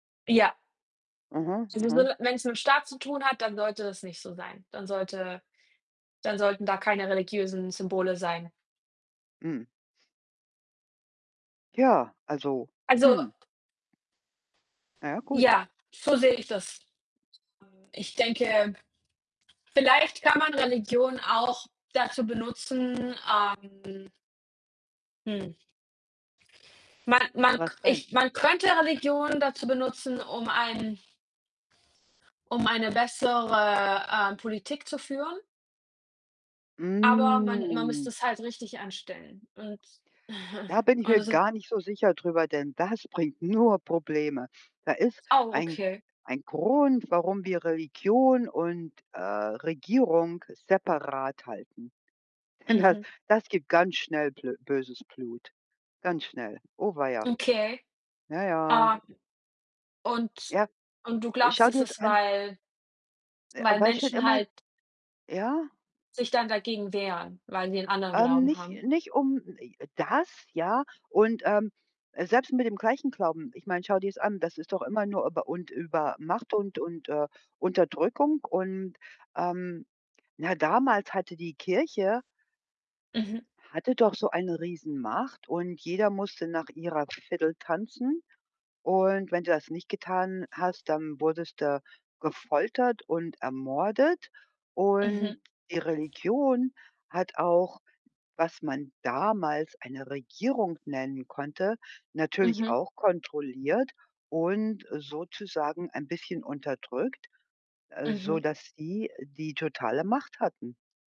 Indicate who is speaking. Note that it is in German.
Speaker 1: Ja.
Speaker 2: Mhm,
Speaker 1: Es ist nur
Speaker 2: mhm.
Speaker 1: 'ne wenn's mit dem Staat zu tun hat, dann sollte das nicht so sein. Dann sollte dann sollten da keine religiösen Symbole sein.
Speaker 2: Hm. Ja, also,
Speaker 1: Also
Speaker 2: hm. Naja, gut.
Speaker 1: Ja, so sehe ich das. Hm, ich denke vielleicht kann man Religion auch dazu benutzen, ähm hm. Man man k
Speaker 2: Was denn?
Speaker 1: ich man könnte Religion dazu benutzen, um ein um eine bessere, ähm, Politik zu führen. Aber man man müsste
Speaker 2: Mm.
Speaker 1: es halt richtig anstellen und
Speaker 2: Da bin ich mir
Speaker 1: ohne so
Speaker 2: gar nicht so sicher drüber, denn das bringt nur Probleme. Da ist
Speaker 1: Oh,
Speaker 2: ein
Speaker 1: okay.
Speaker 2: ein Grund, warum wir Religion und, äh, Regierung separat halten. Denn das
Speaker 1: Mhm.
Speaker 2: das gibt ganz schnell blö böses Blut, ganz schnell. Oh weia.
Speaker 1: Okay.
Speaker 2: Ja, ja.
Speaker 1: Ah. Und
Speaker 2: Ja,
Speaker 1: und du
Speaker 2: äh,
Speaker 1: glaubst
Speaker 2: schau
Speaker 1: das
Speaker 2: dir's
Speaker 1: ist
Speaker 2: an.
Speaker 1: weil
Speaker 2: Äh,
Speaker 1: weil
Speaker 2: weil schon schon
Speaker 1: Menschen
Speaker 2: immer
Speaker 1: halt
Speaker 2: ja.
Speaker 1: sich dann dagegen wehren, weil die 'nen anderen
Speaker 2: Ähm,
Speaker 1: Glauben
Speaker 2: nicht,
Speaker 1: haben?
Speaker 2: nicht um [unintelligible] das, ja, und, ähm, selbst mit dem gleichen Glauben. Ich meine, schau dir's an, das ist doch immer nur über und über Macht und und, äh, Unterdrückung. Und, ähm na, damals hatte die Kirche
Speaker 1: Mhm.
Speaker 2: hatte doch so eine Riesenmacht und jeder musste nach ihrer Fidel tanzen. Und wenn du das nicht getan hast, dann wurdest du gefoltert und ermordet.
Speaker 1: Mhm.
Speaker 2: Und die Religion hat auch, was man damals eine Regierung nennen konnte, natürlich
Speaker 1: Mhm.
Speaker 2: auch kontrolliert und sozusagen ein bisschen unterdrückt, äh,
Speaker 1: Mhm.
Speaker 2: sodass sie, die totale Macht hatten.